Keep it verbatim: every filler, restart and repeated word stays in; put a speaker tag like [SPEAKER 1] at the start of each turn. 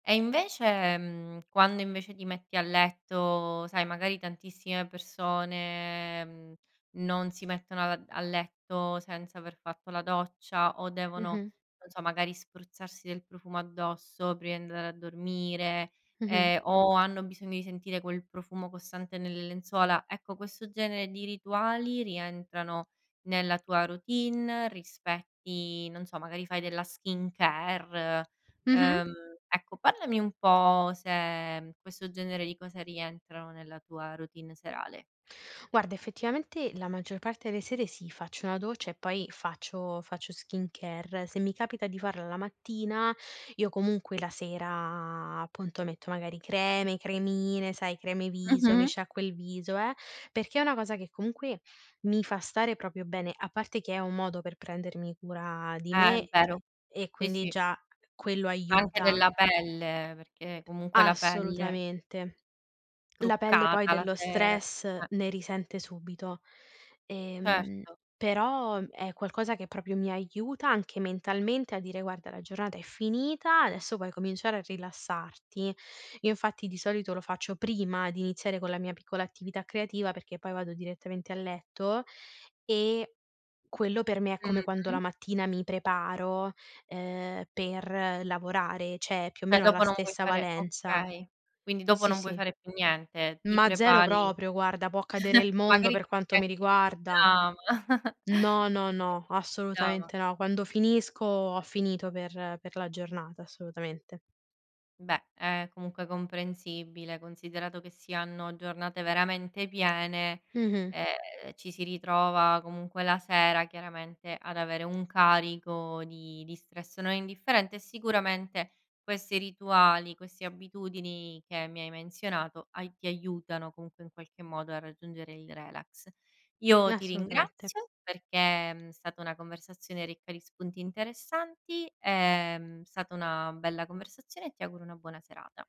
[SPEAKER 1] E invece, mhmm, quando invece ti metti a letto sai, magari, tantissime persone, mhmm, non si mettono ad a letto senza aver fatto la doccia o devono,
[SPEAKER 2] Mh-mh.
[SPEAKER 1] non so, magari spruzzarsi del profumo addosso prima di andare a dormire,
[SPEAKER 2] Mh-mh.
[SPEAKER 1] ehm o hanno bisogno di sentire quel profumo costante nelle lenzuola. Ecco, questo genere di rituali rientrano nella tua routine? Rispetti non so, magari fai della skincare,
[SPEAKER 2] Mh-mh.
[SPEAKER 1] uhm, ecco, parlami un po' se, uhm, questo genere di cose rientrano nella tua routine serale.
[SPEAKER 2] Guarda effettivamente la maggior parte de sere sì, faccio una doccia e poi faccio faccio skincare. Se mi capita di farla la mattina, io comunque la sera, appunto, metto magari creme, cremine, sai, creme viso, mi
[SPEAKER 1] Mh-mh.
[SPEAKER 2] sciacquo il viso, eh perché è una cosa che comunque mi fa stare propio bene, a parte che è un modo per prendermi cura di
[SPEAKER 1] Eh,
[SPEAKER 2] me,
[SPEAKER 1] è
[SPEAKER 2] e
[SPEAKER 1] vero.
[SPEAKER 2] e
[SPEAKER 1] Sì,
[SPEAKER 2] quindi
[SPEAKER 1] sì.
[SPEAKER 2] già quello
[SPEAKER 1] Ma anche
[SPEAKER 2] aiuta
[SPEAKER 1] della pelle, perché comunque la pelle
[SPEAKER 2] Assolutamente. La pelle, poi,
[SPEAKER 1] Truccata la
[SPEAKER 2] dello
[SPEAKER 1] sera,
[SPEAKER 2] stress
[SPEAKER 1] eh.
[SPEAKER 2] ne risente subito. Ehm,
[SPEAKER 1] Certo.
[SPEAKER 2] però, uhm, è qualcosa che propio mi aiuta anche mentalmente a dire: "Guarda, la giornata è finita, adesso puoi cominciare a rilassarti". Io, infatti, di solito lo faccio prima di iniziare con la mia piccola attività creativa perché poi vado direttamente a letto, e quello per me è come quando la
[SPEAKER 1] Mh-mh.
[SPEAKER 2] mattina mi preparo, ehm, per lavorare, ceh più o
[SPEAKER 1] ceh,
[SPEAKER 2] meno ha la
[SPEAKER 1] dopo non vuoi
[SPEAKER 2] stessa
[SPEAKER 1] fare
[SPEAKER 2] valenza.
[SPEAKER 1] okay, quindi dopo
[SPEAKER 2] Sì,
[SPEAKER 1] non vuoi
[SPEAKER 2] sì.
[SPEAKER 1] fare più niente, ti
[SPEAKER 2] Ma zero
[SPEAKER 1] prepari
[SPEAKER 2] proprio, guarda può cadere il mondo
[SPEAKER 1] magari
[SPEAKER 2] per
[SPEAKER 1] ti metti
[SPEAKER 2] quanto mi
[SPEAKER 1] anche il
[SPEAKER 2] riguarda.
[SPEAKER 1] pigiama.
[SPEAKER 2] No, no,
[SPEAKER 1] Dico, ti metti
[SPEAKER 2] no,
[SPEAKER 1] il pigiama.
[SPEAKER 2] assolutamente no. Quando finisco, ho finito per per la giornata, assolutamente.
[SPEAKER 1] Beh, è comunque comprensibile, considerato che si hanno giornate veramente piene,
[SPEAKER 2] Mh-mh.
[SPEAKER 1] e ci si ritrova comunque la sera, chiaramente, ad avere un carico di di stress non indifferente e sicuramente questi rituali, questi abitudini che mi hai menzionato hai ti aiutano, comunque, in qualche modo a raggiungere il relax. Io ti
[SPEAKER 2] Nassolutamette.
[SPEAKER 1] ringrazio, perché è, uhm, stata una conversazione ricca di spunti interessanti, ehm, mhmm, stata una bella conversazione e ti auguro una buona serata.